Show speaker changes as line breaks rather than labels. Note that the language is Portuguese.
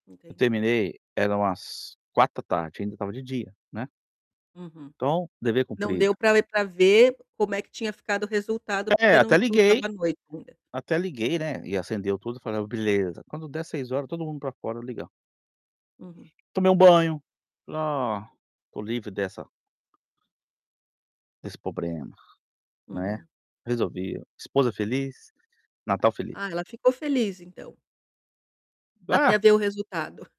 Eu
Entendi.
terminei, era umas 16:00, ainda, estava de dia, né.
Uhum,
Então, dever
não deu
cumprido.
pra pra ver como é que tinha ficado o resultado,
É,
porque não
até
não
liguei,
estava à noite ainda.
até liguei, né, e acendeu tudo, e falei: "Beleza, quando der 18:00, todo mundo para fora ligar".
Uhum.
Tomei um banho, "Ah, estou livre dessa" "desse problema.", né,
Uhum.
resolvi, esposa feliz, Natal feliz.
Ah, ela ficou feliz, então. Até
Ba
ver o resultado.